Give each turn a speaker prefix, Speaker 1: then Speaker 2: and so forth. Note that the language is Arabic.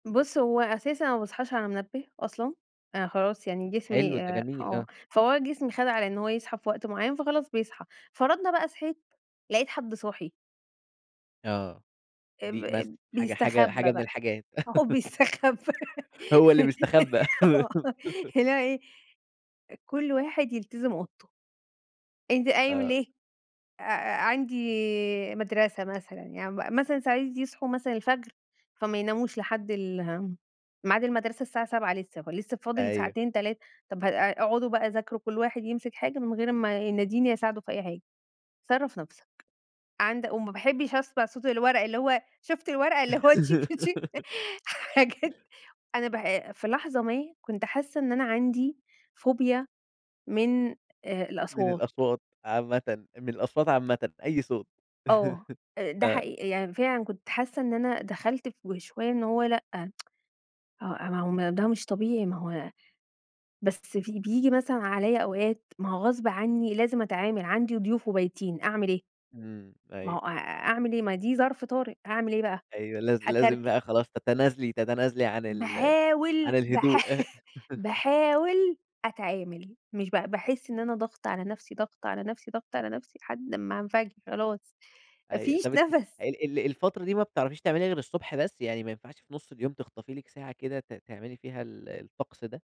Speaker 1: بُصّ، هو أساسًا أنا ما باصحاش على منبه أصلًا، أنا خلاص يعني
Speaker 2: حلو،
Speaker 1: جسمي
Speaker 2: ده
Speaker 1: آآ،
Speaker 2: جميل
Speaker 1: آه،
Speaker 2: آه.
Speaker 1: فهو جسمي خد على إن هو يصحى في وقت معيّن فخلاص، بيصحى فرضنا بقى صحيت لقيت حد صاحي.
Speaker 2: آه،
Speaker 1: آآ، ب
Speaker 2: دي مثل
Speaker 1: ب
Speaker 2: حاجة حاجة حاجة
Speaker 1: بيستخبى
Speaker 2: من
Speaker 1: بقى،
Speaker 2: الحاجات.
Speaker 1: هو بيستخبى
Speaker 2: هو اللي بيستخبى.
Speaker 1: آه، اللي هو إيه؟ كل واحد يلتزم أوضته. أنت قايم
Speaker 2: آه.
Speaker 1: ليه آآ أ عندي مدرسة مثلًا يعني م مثلًا ساعات يصحوا مثلًا الفجر، فما يناموش لحد ال اهم ميعاد المدرسة الساعة 07:00 لسه فلسه فاضل
Speaker 2: أيوه.
Speaker 1: ساعتين 3 طب ه اقعدوا بقى ذاكروا كل واحد يمسك حاجة من غير ما يناديني أساعده في أي حاجة، صرّف نفسك، عند وما باحبش أسمع صوت الورق اللي هو شُفت الورق اللي هو تشك تشك حاجات أنا ب في لحظة ما كنت حاسة إن أنا عندي فوبيا من آآ،
Speaker 2: من
Speaker 1: الأصوات.
Speaker 2: الأصوات عامةً من الأصوات عامةً، أي صوت
Speaker 1: آه، آآ، ده
Speaker 2: آه.
Speaker 1: حقيقي يعني فعلًا كنت حاسة إن أنا دخلت في وشوية إن هو لأ آه، ما هو م ده مش طبيعي، ما هو بس في بييجي مثلًا عليَّ أوقات ما هو غصب عني لازم أتعامل، عندي ضيوف وبايتين أعمل ايه؟
Speaker 2: إمم،
Speaker 1: ما
Speaker 2: أيوه.
Speaker 1: هو أ أعمل إيه؟ ما دي ظرف طارئ هاعمل إيه بقى؟
Speaker 2: أيوه، لاز لازم
Speaker 1: هاكركب
Speaker 2: بقى خلاص تتنازلي تتنازلي عن ال
Speaker 1: باحاول
Speaker 2: عن
Speaker 1: باحا
Speaker 2: الهدوء.
Speaker 1: باحاول أتعامل، مش ب باحس إن أنا ضاغطة على نفسي، ضاغطة على نفسي، ضاغطة على نفسي لحد امّا هانفجر خلاص، ما
Speaker 2: أيوه،
Speaker 1: فيش
Speaker 2: طَب أنتِ
Speaker 1: نَفَس.
Speaker 2: ال ال الفترة دي ما بتعرفيش تعمليها غير الصبح بس؟ يعني ما ينفعش في نُصّ اليوم تخطفي لِك ساعة كده ت تعملي فيها ال الطقس ده؟